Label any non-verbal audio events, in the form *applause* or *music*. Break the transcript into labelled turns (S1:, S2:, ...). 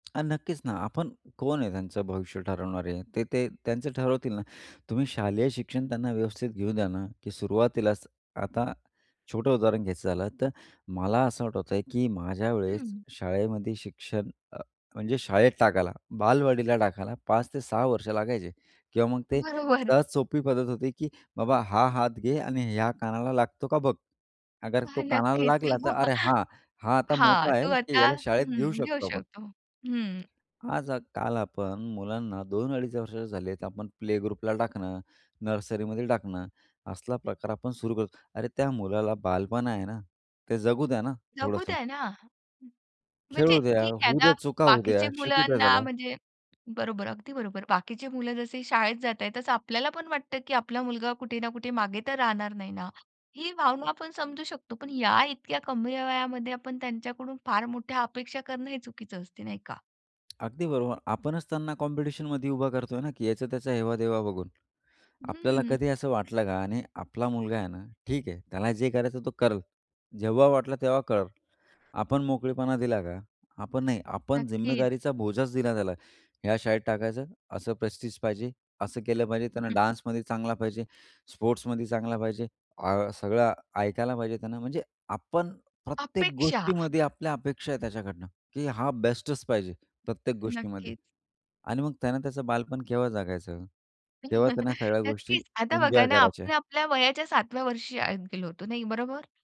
S1: अ, नक्कीच ना. आपण कोण आहे त्यांचं भविष्य ठरवणारे, ते ते त्यांचं ठरवतील ना, तुम्ही शालेय शिक्षण त्यांना व्यवस्थित घेऊ द्या ना, की सुरुवातीलाच आता छोटं उदाहरण घ्यायचं झालं, तर मला असं आठवतंय, की माझ्यावेळेस
S2: हं.
S1: शाळेमध्ये शिक्षण अ, म्हणजे शाळेत टाकायला बालवाडीला टाकायला 5 ते 6 वर्ष लागायचे किंवा मग ते
S2: बरोबर.
S1: सहज सोपी पद्धत होती की "बाबा हा हात घे आणि ह्या कानाला लागतो का बघ, अगर तो
S2: हां,
S1: कानाला
S2: नक्कीच.
S1: लागला, तर अरे,
S2: *chuckles*
S1: हां, हा आता
S2: हां,
S1: मोठा आहे,
S2: तू
S1: की
S2: आता
S1: याला शाळेत घेऊ
S2: हं, घेऊ
S1: शकतो आपण."
S2: शकतो. हं.
S1: आज अ, काल आपण मुलांना 2-2.5 वर्षाचे झाले तर आपण प्ले ग्रुपला टाकणं, नर्सरीमध्ये टाकणं, असला प्रकार आपण सुरू करतो. अरे, त्या मुलाला बालपण आहे ना, ते जगू द्या ना,
S2: जगू
S1: थोडंसं.
S2: द्या ना. म्हणजे
S1: खेळू द्या,
S2: ठीक आहे,
S1: होऊ द्या
S2: आता
S1: चुका होऊद्या,
S2: बाकीच्या
S1: शिकू द्या
S2: मुलांना
S1: त्याला.
S2: म्हणजे बरोबर, अगदी बरोबर. बाकीचे मुलं जसं शाळेत जाताय तसं आपल्याला पण वाटतं, की आपला मुलगा कुठे ना कुठे मागे तर राहणार नाही ना. ही भावना आपण समजू शकतो, पण या इतक्या कमी वयामध्ये आपण त्यांच्याकडून फार मोठ्या अपेक्षा करणं हे चुकीचं असतं, नाही का?
S1: अगदी बरोबर. आपणच त्यांना कॉम्पिटिशनमध्ये उभा करतोय ना, की ह्याचा त्याचा हेवा-देवा बघून. आपल्याला
S2: हं.
S1: कधी असं वाटलं का? आणि आपला मुलगा आहे ना ठीक आहे, त्याला जे करायचं तो करेल. जेव्हा वाटलं तेव्हा करेल. आपण मोकळेपणा दिला का? आपण, नाही. आपण
S2: नक्कीच.
S1: जिम्मेदारीचा बोजाच दिला त्याला. ह्या शाळेत टाकायचं, असं प्रेस्टीज पाहिजे, असं केलं पाहिजे,
S2: हं,
S1: त्यांना
S2: हं.
S1: डान्समध्ये चांगला पाहिजे, स्पोर्ट्समध्ये चांगला पाहिजे, आ सगळं ऐकायला पाहिजे त्यांने, म्हणजे आपण प्रत्येक
S2: अपेक्षा.
S1: गोष्टीमध्ये आपल्या अपेक्षा आहे त्याच्याकडनं, की हा बेस्टच पाहिजे प्रत्येक गोष्टीमध्ये.
S2: नक्कीच.
S1: आणि मग त्यानं त्याचं बालपण केव्हा जगायचं, केव्हा त्यांना
S2: *chuckles*
S1: सगळ्या गोष्टी
S2: नक्कीच. आता
S1: एन्जॉय
S2: बघा ना, आपण
S1: करायच्या.
S2: आपल्या वयाच्या 7 व्या वर्षी शाळेत गेलो होतो नाही, बरोबर?